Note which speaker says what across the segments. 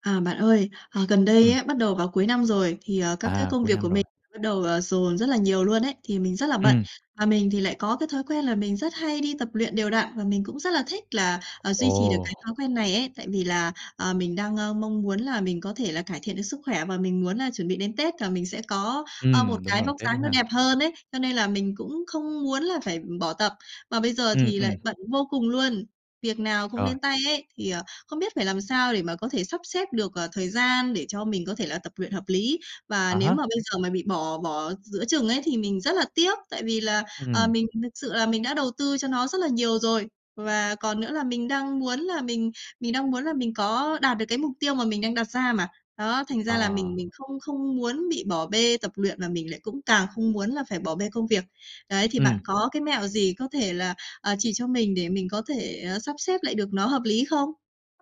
Speaker 1: À, bạn ơi, ờ, gần đây
Speaker 2: Ừm.
Speaker 1: ấy, bắt đầu vào cuối năm rồi thì, ờ, các cái
Speaker 2: À,
Speaker 1: công
Speaker 2: cuối
Speaker 1: việc
Speaker 2: năm
Speaker 1: của
Speaker 2: rồi.
Speaker 1: mình bắt đầu, ờ, dồn rất là nhiều luôn ấy, thì mình rất là bận.
Speaker 2: Ừm.
Speaker 1: Và mình thì lại có cái thói quen là mình rất hay đi tập luyện đều đặn và mình cũng rất là thích là, ờ,
Speaker 2: r
Speaker 1: duy trì được cái
Speaker 2: Ồ!
Speaker 1: thói quen này ấy. Tại vì là, ờ, mình đang, à, mong muốn là mình có thể là cải thiện được sức khỏe và mình muốn là chuẩn bị đến Tết là mình sẽ có, ờ, một
Speaker 2: Ừm, đúng
Speaker 1: cái
Speaker 2: rồi,
Speaker 1: vóc
Speaker 2: Tết nữa
Speaker 1: dáng nó
Speaker 2: ha.
Speaker 1: đẹp hơn ấy, cho nên là mình cũng không muốn là phải bỏ tập. Mà bây giờ
Speaker 2: Ừm,
Speaker 1: thì
Speaker 2: ừm.
Speaker 1: lại bận vô cùng luôn, việc nào cũng
Speaker 2: Rồi.
Speaker 1: đến tay ấy, thì, ờ, không biết phải làm sao để mà có thể sắp xếp được, ờ, thời gian để cho mình có thể là tập luyện hợp lý. Và
Speaker 2: À
Speaker 1: nếu mà
Speaker 2: há.
Speaker 1: bây giờ mà bị bỏ bỏ giữa chừng ấy, thì mình rất là tiếc, tại vì là, ờ,
Speaker 2: Ừm.
Speaker 1: mình thực sự là mình đã đầu tư cho nó rất là nhiều rồi. Và còn nữa là mình đang muốn là mình mình đang muốn là mình có đạt được cái mục tiêu mà mình đang đặt ra mà. Đó, thành ra là
Speaker 2: Ờ.
Speaker 1: mình mình không không muốn bị bỏ bê tập luyện và mình lại cũng càng không muốn là phải bỏ bê công việc. Đấy, thì bạn
Speaker 2: Ừm.
Speaker 1: có cái mẹo gì có thể là, à, chỉ cho mình để mình có thể, ờ, sắp xếp lại được nó hợp lý không?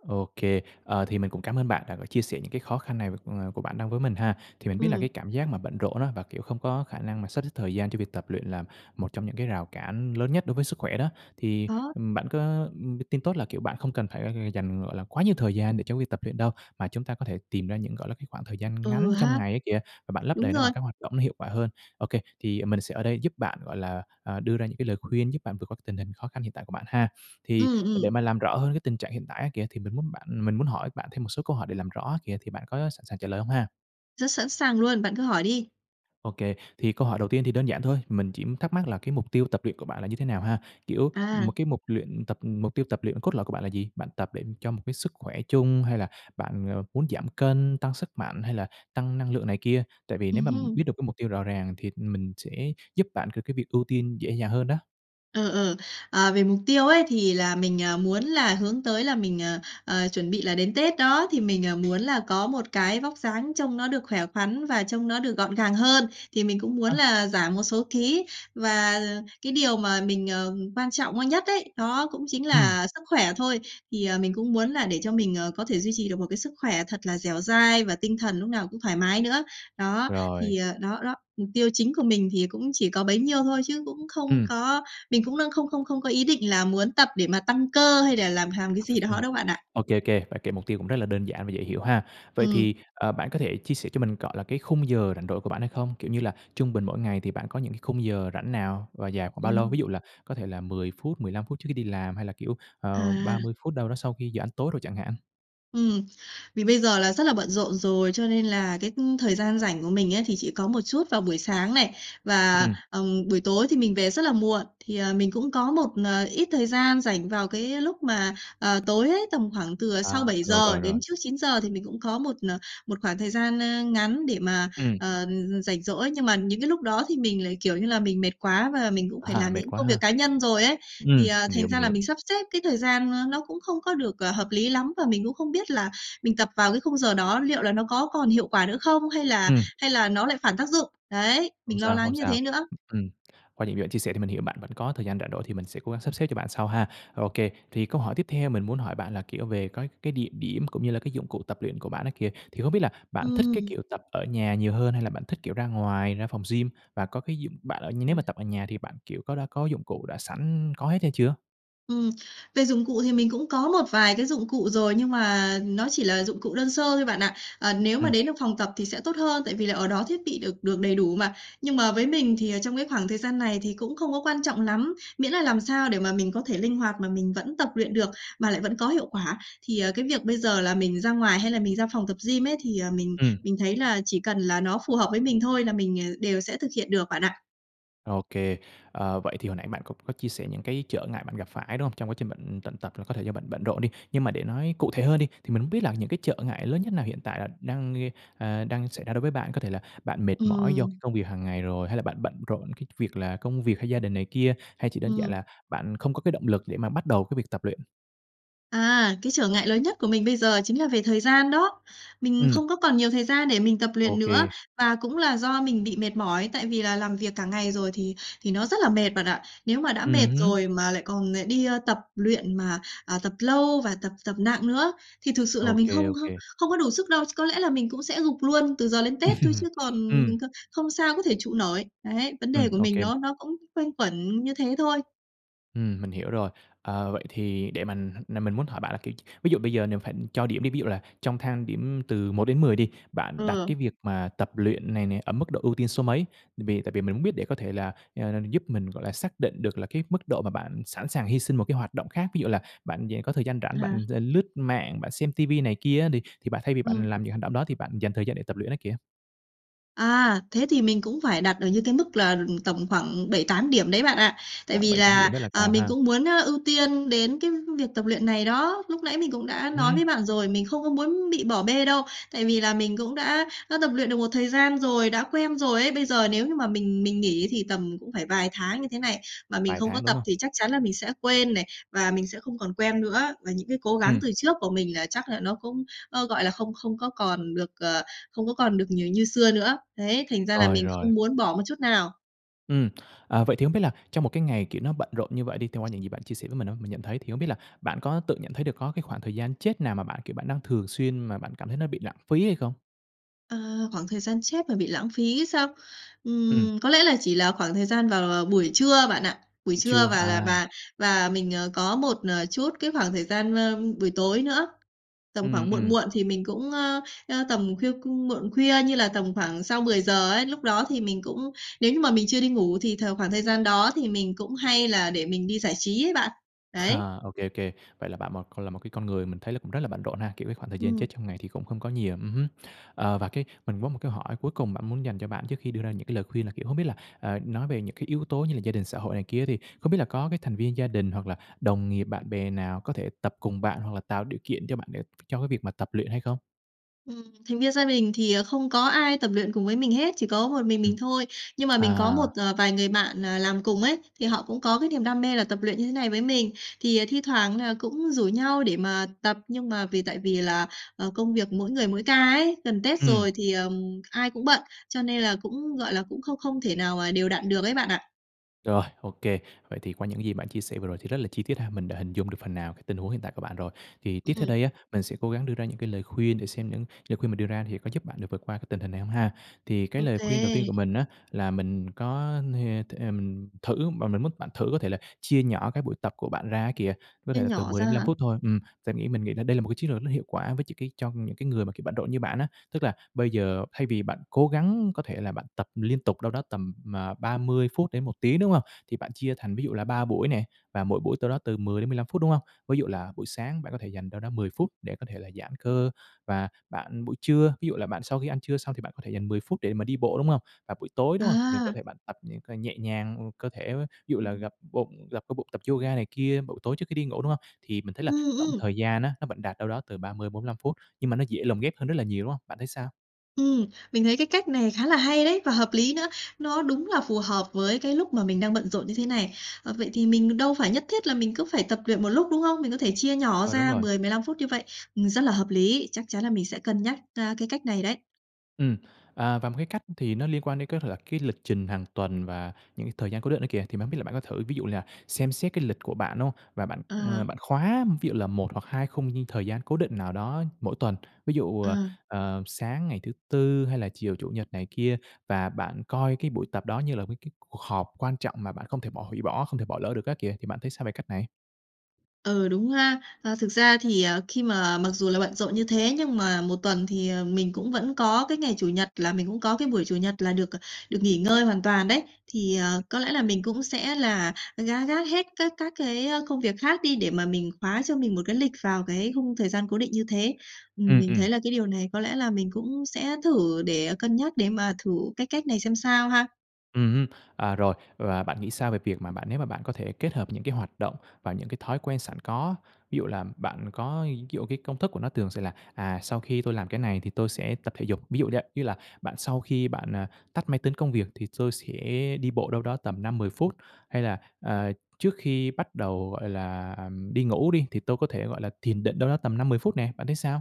Speaker 2: OK. Ờ, thì mình cũng cám ơn bạn đã có chia sẻ những cái khó khăn này, ờ, của bạn đang với mình ha. Thì mình biết là cái
Speaker 1: Ừm.
Speaker 2: cảm giác mà bận rộn á, và, kiểu, không có khả năng mà sắp xếp thời gian cho việc tập luyện là một trong những cái rào cản lớn nhất đối với sức khỏe đó. Thì,
Speaker 1: Đó.
Speaker 2: ừm, bạn có, ừm, tin tốt là, kiểu, bạn không cần phải dành, gọi là, quá nhiều thời gian để cho việc tập luyện đâu, mà chúng ta có thể tìm ra những, gọi là, cái khoảng thời gian
Speaker 1: Ừ
Speaker 2: ngắn trong
Speaker 1: ha!
Speaker 2: ngày á kìa, và bạn lấp
Speaker 1: Đúng
Speaker 2: đầy nó
Speaker 1: rồi!
Speaker 2: bằng các hoạt động nó hiệu quả hơn. OK, thì mình sẽ ở đây giúp bạn, gọi là, ờ, đưa ra những cái lời khuyên giúp bạn vượt qua tình hình khó khăn hiện tại của bạn ha. Thì
Speaker 1: Ừm,
Speaker 2: để
Speaker 1: ừm.
Speaker 2: mà làm rõ hơn cái tình trạng hiện tại á kìa, thì mình muốn bạn mình muốn hỏi bạn thêm một số câu hỏi để làm rõ á kìa, thì bạn có sẵn sàng trả lời hông ha?
Speaker 1: Rất sẵn sàng luôn, bạn cứ hỏi đi!
Speaker 2: OK, thì câu hỏi đầu tiên thì đơn giản thôi, mình chỉ thắc mắc là cái mục tiêu tập luyện của bạn là như thế nào ha? Kiểu, một
Speaker 1: À.
Speaker 2: cái mục luyện tập mục tiêu tập luyện cốt lõi của bạn là gì? Bạn tập để cho một cái sức khỏe chung hay là bạn muốn giảm cân, tăng sức mạnh hay là tăng năng lượng này kia? Tại vì nếu
Speaker 1: Ừm
Speaker 2: mà, ừm,
Speaker 1: hứm.
Speaker 2: biết được cái mục tiêu rõ ràng thì mình sẽ giúp bạn cược cái việc ưu tiên dễ dàng hơn đó.
Speaker 1: Ừ, ừ. Ờ, về mục tiêu ấy, thì là mình, ờ, muốn là hướng tới là mình, ờ, ờ, chuẩn bị là đến Tết đó, thì mình, ờ, muốn là có một cái vóc dáng trông nó được khỏe khoắn và trông nó được gọn gàng hơn, thì mình cũng muốn
Speaker 2: Ơ!
Speaker 1: là giảm một số ký. Và cái điều mà mình, ờ, quan trọng, ơ, nhất ấy, đó cũng chính
Speaker 2: Ừm.
Speaker 1: là sức khỏe thôi. Thì, ờ, mình cũng muốn là để cho mình, ờ, có thể duy trì được một cái sức khỏe thật là dẻo dai và tinh thần lúc nào cũng thoải mái nữa. Đó,
Speaker 2: Rồi.
Speaker 1: thì, ờ đó, đó, mục tiêu chính của mình thì cũng chỉ có bấy nhiêu thôi chứ cũng không
Speaker 2: Ừm.
Speaker 1: có mình cũng đang không không không có ý định là muốn tập để mà tăng cơ hay là làm hàm cái gì
Speaker 2: Ừm,
Speaker 1: đó đâu, bạn ạ.
Speaker 2: OK, OK, bạn kể mục tiêu cũng rất là đơn giản và dễ hiểu ha. Vậy
Speaker 1: Ừm.
Speaker 2: thì, ờ, bạn có thể chia sẻ cho mình, gọi là, cái khung giờ rảnh rỗi của bạn hay không? Kiểu như là trung bình mỗi ngày thì bạn có những cái khung giờ rảnh nào và dài khoảng bao lâu?
Speaker 1: Ừm.
Speaker 2: Ví dụ là có thể là 10 phút, 15 phút trước khi đi làm, hay là, kiểu, ờ, ba
Speaker 1: À.
Speaker 2: mươi phút đâu đó sau khi giờ ăn tối đồ chẳng hạn.
Speaker 1: Ừm. Vì bây giờ là rất là bận rộn rồi, cho nên là cái thời gian rảnh của mình ấy thì chỉ có một chút vào buổi sáng này, và,
Speaker 2: Ừm.
Speaker 1: ừm, buổi tối thì mình về rất là muộn. Thì, ờ, mình cũng có một, ờ, ít thời gian rảnh vào cái lúc mà, ờ, tối ấy, tầm khoảng từ, à, sau
Speaker 2: À,
Speaker 1: bảy
Speaker 2: rồi,
Speaker 1: giờ
Speaker 2: rồi,
Speaker 1: đến
Speaker 2: rồi.
Speaker 1: trước 9:00 thì mình cũng có một, ờ, một khoảng thời gian, a, ngắn để mà,
Speaker 2: Ừm.
Speaker 1: ờ, ừm, ừm, rảnh rỗi. Nhưng mà những cái lúc đó thì mình lại, kiểu như là, mình mệt quá và mình cũng phải
Speaker 2: À,
Speaker 1: làm
Speaker 2: mệt
Speaker 1: những
Speaker 2: quá
Speaker 1: công
Speaker 2: ha.
Speaker 1: việc cá nhân rồi ấy, thì,
Speaker 2: Ừm,
Speaker 1: ờ,
Speaker 2: mình hiểu,
Speaker 1: thành
Speaker 2: mình
Speaker 1: ra là
Speaker 2: hiểu.
Speaker 1: mình sắp xếp cái thời gian, ơ, nó cũng không có được, ờ, hợp lý lắm và mình cũng không biết là mình tập vào cái khung giờ đó liệu là nó có còn hiệu quả nữa không, hay là
Speaker 2: Ừm.
Speaker 1: hay là nó lại phản tác dụng? Đấy,
Speaker 2: Không
Speaker 1: mình lo
Speaker 2: sao, không
Speaker 1: lắng như
Speaker 2: sao.
Speaker 1: thế nữa.
Speaker 2: Ừm, qua những gì bạn chia sẻ thì mình hiểu bạn vẫn có thời gian rảnh rỗi thì mình sẽ cố gắng sắp xếp cho bạn sau ha. Ô kê, thì câu hỏi tiếp theo mình muốn hỏi bạn là, kiểu, về cái cái địa điểm, cũng như là cái dụng cụ tập luyện của bạn đó kìa, thì không biết là bạn thích cái
Speaker 1: Ừm.
Speaker 2: kiểu tập ở nhà nhiều hơn, hay là bạn thích, kiểu, ra ngoài, ra phòng gym và có cái dụng bạn ở nhưng nếu mà
Speaker 1: [unintelligible]
Speaker 2: tập ở nhà thì bạn, kiểu, có đã có dụng cụ, đã sẵn có hết hay chưa?
Speaker 1: Ừm. Về dụng cụ thì mình cũng có một vài cái dụng cụ rồi, nhưng mà nó chỉ là dụng cụ đơn sơ thôi bạn ạ. Ờ, nếu mà
Speaker 2: Ừm.
Speaker 1: đến được phòng tập thì sẽ tốt hơn, tại vì là ở đó thiết bị được được đầy đủ mà, nhưng mà với mình thì, ờ, trong cái khoảng thời gian này thì cũng không có quan trọng lắm, miễn là làm sao để mà mình có thể linh hoạt mà mình vẫn tập luyện được, mà lại vẫn có hiệu quả. Thì, ờ, cái việc bây giờ là mình ra ngoài, hay là mình ra phòng tập gym ấy thì, à, mình
Speaker 2: Ừm.
Speaker 1: mình thấy là chỉ cần là nó phù hợp với mình thôi là mình, à, đều sẽ thực hiện được bạn ạ.
Speaker 2: Ô kê, ờ, vậy thì hồi nãy bạn c có chia sẻ những cái trở ngại bạn gặp phải, đúng không? Trong quá trình bạn, ừm, tận tập là có thể cho bạn bận rộn đi. Nhưng mà để nói cụ thể hơn đi, thì mình không biết là những cái trợ ngại lớn nhất nào hiện tại là đang gây ờ, đang xảy ra đối với bạn? Có thể là bạn mệt mỏi do cái
Speaker 1: Ừm.
Speaker 2: công việc hàng ngày rồi, hay là bạn bận rộn cái việc là công việc, hay gia đình này kia, hay chỉ đơn giản
Speaker 1: Ừm.
Speaker 2: là bạn không có cái động lực để mà bắt đầu cái việc tập luyện?
Speaker 1: À, cái trở ngại lớn nhất của mình bây giờ chính là về thời gian đó. Mình
Speaker 2: Ừm.
Speaker 1: không có còn nhiều thời gian để mình tập
Speaker 2: Ô
Speaker 1: luyện nữa,
Speaker 2: kê.
Speaker 1: và cũng là do mình bị mệt mỏi tại vì là làm việc cả ngày rồi thì thì nó rất là mệt bạn ạ. Nếu mà đã mệt
Speaker 2: Ừm hứm.
Speaker 1: rồi mà lại còn lại đi, ơ, tập luyện mà, ờ, tập lâu và tập tập nặng nữa, thì thực sự là
Speaker 2: Ô
Speaker 1: mình không
Speaker 2: kê, ô
Speaker 1: không
Speaker 2: kê.
Speaker 1: không có đủ sức đâu. Ch có lẽ là mình cũng sẽ gục luôn từ giờ đến Tết thôi, chứ còn,
Speaker 2: Ừm.
Speaker 1: ừm, cơ không sao có thể trụ nổi. Đấy, vấn
Speaker 2: Ừm,
Speaker 1: đề của
Speaker 2: ô
Speaker 1: mình
Speaker 2: kê.
Speaker 1: nó nó cũng quanh quẩn như thế thôi.
Speaker 2: Ừm, mình hiểu rồi. Ờ, vậy thì để mình nà mình muốn hỏi bạn là, kiểu, ví dụ bây giờ nếu phải cho điểm đi, ví dụ là trong thang điểm từ 1-10 đi, bạn đặt cái
Speaker 1: Ừ.
Speaker 2: việc mà tập luyện này nè ở mức độ ưu tiên số mấy? Tại vì tại vì mình muốn biết để có thể là, à, giúp mình, gọi là, xác định được là cái mức độ mà bạn sẵn sàng hi sinh một cái hoạt động khác, ví dụ là bạn dạng có thời gian rảnh
Speaker 1: À.
Speaker 2: bạn l l lướt mạng, bạn xem ti vi này kia á đi thì bạn thay vì
Speaker 1: Ừm.
Speaker 2: bạn làm những hành động đó thì bạn dành thời gian để tập luyện á kìa.
Speaker 1: À, thế thì mình cũng phải đặt ở những cái mức là, ừm, tầm khoảng 7, 8 điểm đấy bạn ạ, tại
Speaker 2: À,
Speaker 1: vì
Speaker 2: 7-8
Speaker 1: là,
Speaker 2: điểm rất là
Speaker 1: ờ,
Speaker 2: cao
Speaker 1: mình
Speaker 2: ha?
Speaker 1: cũng muốn, ơ, ưu tiên đến cái việc tập luyện này đó. Lúc nãy mình cũng đã nói với
Speaker 2: Ừm.
Speaker 1: bạn rồi, mình không có muốn bị bỏ bê đâu, tại vì là mình cũng đã đã tập luyện được một thời gian rồi, đã quen rồi ấy. Bây giờ nếu như mà mình mình nghỉ thì tầm cũng phải vài tháng như thế này, mà mình
Speaker 2: Vài
Speaker 1: không có
Speaker 2: tháng, đúng
Speaker 1: tập
Speaker 2: hông?
Speaker 1: thì chắc chắn là mình sẽ quên này và mình sẽ không còn quen nữa. Và những cái cố gắng
Speaker 2: Ừm.
Speaker 1: từ trước của mình là chắc là nó cũng, ơ, gọi là, không không có còn được, ờ không có còn được nhiều như xưa nữa. Đấy, thành ra là
Speaker 2: Rồi,
Speaker 1: mình
Speaker 2: rồi.
Speaker 1: không muốn bỏ một chút nào.
Speaker 2: Ừm. Ờ, vậy thì không biết là trong một cái ngày, kiểu, nó bận rộn như vậy đi, thì qua những gì bạn chia sẻ với mình á, mình nhận thấy thì không biết là bạn có tự nhận thấy được có cái khoảng thời gian chết nào mà bạn, kiểu, bạn đang thường xuyên mà bạn cảm thấy nó bị lãng phí hay không?
Speaker 1: Ờ, khoảng thời gian chết mà bị lãng phí sao?
Speaker 2: Ừm.
Speaker 1: Ừm, có lẽ là chỉ là khoảng thời gian vào, ờ, buổi trưa bạn ạ, buổi
Speaker 2: Ừm,
Speaker 1: trưa
Speaker 2: trưa.
Speaker 1: và là
Speaker 2: À.
Speaker 1: và và mình, ờ, có một, ờ, chút cái khoảng thời gian, ơ, buổi tối nữa. Tầm
Speaker 2: Ừm,
Speaker 1: khoảng muộn
Speaker 2: ừm.
Speaker 1: muộn thì mình cũng ơ, ơ, tầm khuya cung muộn khuya như là tầm khoảng sau 10:00 ấy, lúc đó thì mình cũng nếu như mà mình chưa đi ngủ thì th khoảng thời gian đó thì mình cũng hay là để mình đi giải trí ấy bạn. Đấy.
Speaker 2: ô kê, ô kê. Vậy là bạn một còn là một cái con người mình thấy cũng rất là bận rộn ha? Kiểu, cái khoảng thời gian chết
Speaker 1: Ừm.
Speaker 2: trong ngày thì cũng không có nhiều, ừm hứm. Ờ, và cái mình có một cái hỏi cuối cùng bạn muốn dành cho bạn trước khi đưa ra những cái lời khuyên là, kiểu, không biết là, ờ, nói về những cái yếu tố như là gia đình, xã hội này kia á, thì không biết là có cái thành viên gia đình hoặc là đồng nghiệp, bạn bè nào có thể tập cùng bạn hoặc là tạo điều kiện cho bạn để cho cái việc mà tập luyện hay không?
Speaker 1: Ừm, thành viên gia đình thì, ờ, không có ai tập luyện cùng với mình hết, chỉ có một mình
Speaker 2: Ừm.
Speaker 1: mình thôi. Nhưng mà mình có
Speaker 2: À.
Speaker 1: một, ờ, vài người bạn, ờ, làm cùng ấy, thì họ cũng có cái niềm đam mê là tập luyện như thế này với mình. Thì, ờ, thi thoảng là cũng rủ nhau để mà tập, nhưng mà vì tại vì là, ờ, công việc mỗi người mỗi ca ấy, gần Tết
Speaker 2: Ừm.
Speaker 1: rồi thì, ờm, ai cũng bận, cho nên là cũng, gọi là, cũng không không thể nào mà đều đặn được ấy bạn ạ.
Speaker 2: Rồi, ô kê. Vậy thì qua những gì bạn chia sẻ vừa rồi thì rất là chi tiết ha, mình đã hình dung được phần nào cái tình huống hiện tại của bạn rồi. Thì tiếp theo
Speaker 1: Ừm.
Speaker 2: đây á, mình sẽ cố gắng đưa ra những cái lời khuyên để xem những lời khuyên mình đưa ra thì có giúp bạn được vượt qua cái tình hình này hông ha. Thì cái
Speaker 1: Ô
Speaker 2: lời khuyên đầu tiên
Speaker 1: kê.
Speaker 2: của mình á là mình có ha th ừm, thử và mình muốn bạn thử có thể là chia nhỏ cái buổi tập của bạn ra á kìa, có
Speaker 1: Chia
Speaker 2: thể là từ
Speaker 1: nhỏ
Speaker 2: 10
Speaker 1: ra
Speaker 2: đến 15
Speaker 1: hả?
Speaker 2: phút thôi. Ừm, và nghĩ mình nghĩ đây là một cái chiến lược nó hiệu quả với cho cái cho những cái người mà, kiểu, bận rộn như bạn á. Tức là bây giờ thay vì bạn cố gắng có thể là bạn tập liên tục đâu đó tầm, ờ, 30 phút đến 1 tiếng, đúng hông? Thì bạn chia thành ví dụ là 3 buổi nè, và mỗi buổi tâu đó từ 10 đến 15 phút, đúng hông? Ví dụ là buổi sáng bạn có thể dành đâu đó 10 phút để có thể là giãn cơ và bạn buổi trưa, ví dụ là bạn sau khi ăn trưa xong thì bạn có thể dành 10 phút để mà đi bộ, đúng hông? Và buổi tối, đúng hông? Thì có
Speaker 1: À.
Speaker 2: thể bạn tập những cái nhẹ nhàng, ừ, cơ thể ví dụ là
Speaker 1: Ừm.
Speaker 2: gập bụng, gập cơ bụng, tập yoga này kia vào buổi tối trước khi đi ngủ, đúng hông? Thì mình thấy
Speaker 1: Ừ,
Speaker 2: là tổng
Speaker 1: ừm.
Speaker 2: thời gian á nó vẫn đạt đâu đó từ 30-45 phút, nhưng mà nó dễ lồng ghép hơn rất là nhiều, đúng hông? Bạn thấy sao?
Speaker 1: Ừm, mình thấy cái cách này khá là hay đấy, và hợp lý nữa, nó đúng là phù hợp với cái lúc mà mình đang bận rộn như thế này. Ờ, vậy thì mình đâu phải nhất thiết là mình cứ phải tập luyện một lúc, đúng không? Mình có thể chia nhỏ
Speaker 2: Rồi, đúng
Speaker 1: ra
Speaker 2: rồi.
Speaker 1: 10, 15 phút như vậy. Ừm, rất là hợp lý, chắc chắn là mình sẽ cân nhắc, a, cái cách này đấy.
Speaker 2: Ừm. À, và một cái cách thì nó liên quan đến cái lật cái lịch trình hàng tuần và những thời gian cố định đó kìa. Thì mình hông biết là bạn có thử, ví dụ như là xem xét cái lịch của bạn, đúng hông? Và bạn, ờ,
Speaker 1: Ờ.
Speaker 2: bạn khóa ví dụ là 1 hoặc 2 khung thời gian cố định nào đó mỗi tuần. Ví dụ, ờ,
Speaker 1: Ờ.
Speaker 2: ờ, sáng ngày thứ Tư hay là chiều Chủ nhật này kia và bạn coi cái buổi tập đó như là cái cái cuộc họp quan trọng mà bạn không thể bỏ hủy bỏ, không thể bỏ lỡ được á kìa, thì bạn thấy sao về cách này?
Speaker 1: Ừ, đúng ha. Ờ, thực ra thì, ờ, khi mà, ờ, mặc dù là bận rộn như thế nhưng mà 1 tuần thì, ờ, mình cũng vẫn có cái ngày Chủ nhật là mình cũng có cái buổi Chủ nhật là được, ờ, được nghỉ ngơi hoàn toàn đấy. Thì, ờ, có lẽ là mình cũng sẽ là gác gác hết các các cái, ơ, công việc khác đi để mà mình khóa cho mình một cái lịch vào cái khung thời gian cố định như thế. Ừm,
Speaker 2: Ừm,
Speaker 1: mình
Speaker 2: ừm.
Speaker 1: thấy là cái điều này có lẽ là mình cũng sẽ thử để cân nhắc, để mà thử cái cách này xem sao ha.
Speaker 2: Ừm hứm, à, rồi, và bạn nghĩ sao về việc mà bạn nếu mà bạn có thể kết hợp những cái hoạt động và những cái thói quen sẵn có, ví dụ là bạn có ví dụ cái công thức của nó thường sẽ là, "À, sau khi tôi làm cái này thì tôi sẽ tập thể dục", ví dụ vậy, như là bạn sau khi bạn, ờ, tắt máy tính công việc thì tôi sẽ đi bộ đâu đó tầm 5-10 phút, hay là, à, trước khi bắt đầu, gọi là, đi ngủ đi thì tôi có thể, gọi là, thiền định đâu đó tầm 5-10 phút nè, bạn thấy sao?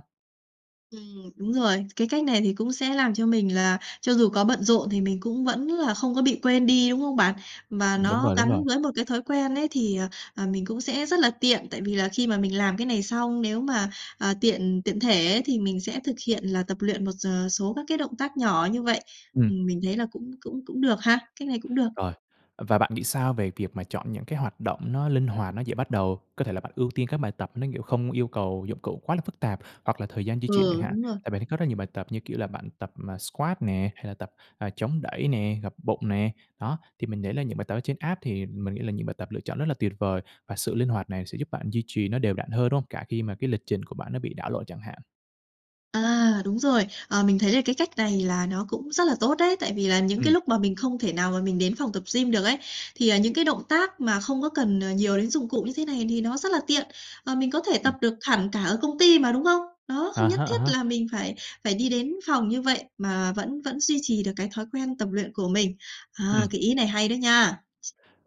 Speaker 1: Ừm, đúng rồi. Cái cách này thì cũng sẽ làm cho mình là cho dù có bận rộn thì mình cũng vẫn là không có bị quên đi, đúng không bạn? Và
Speaker 2: Ừm, đúng
Speaker 1: nó
Speaker 2: rồi, đúng
Speaker 1: gắn
Speaker 2: rồi.
Speaker 1: với một cái thói quen ấy thì, ờ, mình cũng sẽ rất là tiện, tại vì là khi mà mình làm cái này xong, nếu mà, ờ, tiện tiện thể ấy thì mình sẽ thực hiện là tập luyện một giờ số các cái động tác nhỏ như vậy.
Speaker 2: Ừm.
Speaker 1: Mình thấy là cũng cũng cũng được ha, cách này cũng được.
Speaker 2: Rồi. Và bạn nghĩ sao về việc mà chọn những cái hoạt động nó linh hoạt, nó dễ bắt đầu? Có thể là bạn ưu tiên các bài tập nó, kiểu, không yêu cầu dụng cụ quá là phức tạp hoặc là thời gian di chuyển chẳng
Speaker 1: Ừ,
Speaker 2: hạn.
Speaker 1: đúng rồi.
Speaker 2: Tại mình thấy có rất là nhiều bài tập như kiểu là bạn tập squat nè, hay là tập, ờ, chống đẩy nè, gập bụng nè. Đó, thì mình thấy là những bài tập ở trên app thì mình nghĩ là những bài tập lựa chọn rất là tuyệt vời, và sự linh hoạt này sẽ giúp bạn duy trì nó đều đặn hơn, đúng hông? Cả khi mà cái lịch trình của bạn nó bị đảo lộn chẳng hạn.
Speaker 1: À, đúng rồi. Ờ, mình thấy là cái cách này là nó cũng rất là tốt đấy. Tại vì là những cái
Speaker 2: Ừm.
Speaker 1: lúc mà mình không thể nào mà mình đến phòng tập gym được ấy, thì, à, những cái động tác mà không có cần, ờ, nhiều đến dụng cụ như thế này thì nó rất là tiện, ờ, mình có thể tập
Speaker 2: Ừm.
Speaker 1: được hẳn cả ở công ty mà, đúng không? Đó,
Speaker 2: À
Speaker 1: không nhất
Speaker 2: há, à
Speaker 1: thiết
Speaker 2: há.
Speaker 1: là mình phải phải đi đến phòng như vậy, mà vẫn vẫn duy trì được cái thói quen tập luyện của mình. À,
Speaker 2: Ừm.
Speaker 1: cái ý này hay đấy nha!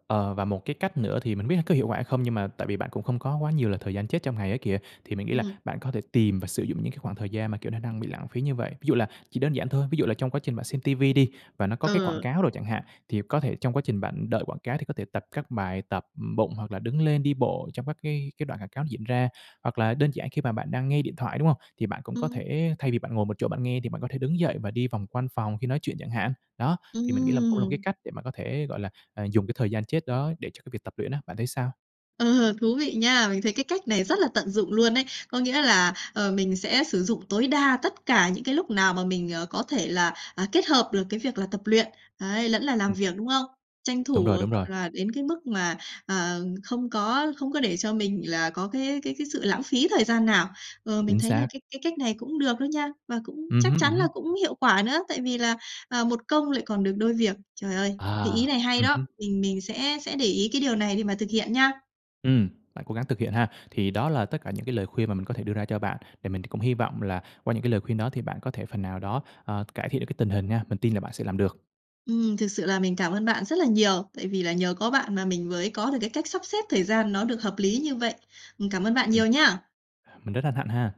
Speaker 2: Ờ, và một cái cách nữa thì mình biết có hiệu quả hay không, nhưng mà tại vì bạn cũng không có quá nhiều là thời gian chết trong ngày ấy kìa, thì mình nghĩ là
Speaker 1: Ừm.
Speaker 2: bạn có thể tìm và sử dụng những cái khoảng thời gian mà, kiểu, nó đang bị lãng phí như vậy. Ví dụ là chỉ đơn giản thôi, ví dụ là trong quá trình bạn xem ti vi đi, và nó có cái quảng
Speaker 1: Ờ.
Speaker 2: cáo đồ chẳng hạn, thì có thể trong quá trình bạn đợi quảng cáo thì có thể tập các bài tập bụng, hoặc là đứng lên đi bộ trong các cái cái đoạn quảng cáo diễn ra. Hoặc là đơn giản khi mà bạn đang nghe điện thoại, đúng hông? Thì bạn cũng có
Speaker 1: Ừm.
Speaker 2: thể thay vì bạn ngồi một chỗ bạn nghe, thì bạn có thể đứng dậy và đi vòng quanh phòng khi nói chuyện chẳng hạn. Đó, thì mình nghĩ là cũng là một cái
Speaker 1: Ừm.
Speaker 2: cách để bạn có thể, gọi là, à, dùng cái thời gian chết đó để cho cái việc tập luyện á, bạn thấy sao?
Speaker 1: Ờ, thú vị nha! Mình thấy cái cách này rất là tận dụng luôn ấy. Có nghĩa là, ờ, mình sẽ sử dụng tối đa tất cả những cái lúc nào mà mình, ờ, có thể là, à, kết hợp được cái việc là tập luyện, ấy, lẫn là làm
Speaker 2: Ừm.
Speaker 1: việc, đúng không? Tranh
Speaker 2: Đúng
Speaker 1: thủ,
Speaker 2: rồi, đúng
Speaker 1: gọi
Speaker 2: rồi.
Speaker 1: là, đến cái mức mà, ờ, không có không có để cho mình là có cái cái cái sự lãng phí thời gian nào. Ờ, mình
Speaker 2: Chính
Speaker 1: thấy là
Speaker 2: xác.
Speaker 1: cái cái cách này cũng được đó nha, và cũng
Speaker 2: Ừm
Speaker 1: chắc
Speaker 2: hứm, ừm
Speaker 1: chắn là
Speaker 2: hứm.
Speaker 1: cũng hiệu quả nữa, tại vì là, à, một công lại còn được đôi việc. Trời ơi! Thì ý
Speaker 2: À,
Speaker 1: này hay
Speaker 2: ừm
Speaker 1: đó,
Speaker 2: hứm.
Speaker 1: mình mình sẽ sẽ để ý cái điều này để mà thực hiện nha!
Speaker 2: Ừm, bạn cố gắng thực hiện ha. Thì đó là tất cả những cái lời khuyên mà mình có thể đưa ra cho bạn. Thì mình cũng hy vọng là qua những cái lời khuyên đó thì bạn có thể phần nào đó, ờ, cải thiện được cái tình hình nha, mình tin là bạn sẽ làm được.
Speaker 1: Ừm, thực sự là mình cảm ơn bạn rất là nhiều, tại vì là nhờ có bạn mà mình mới có được cái cách sắp xếp thời gian nó được hợp lý như vậy. Ừm, cảm ơn bạn
Speaker 2: Ừm.
Speaker 1: nhiều nha!
Speaker 2: Mình rất hân hạnh ha!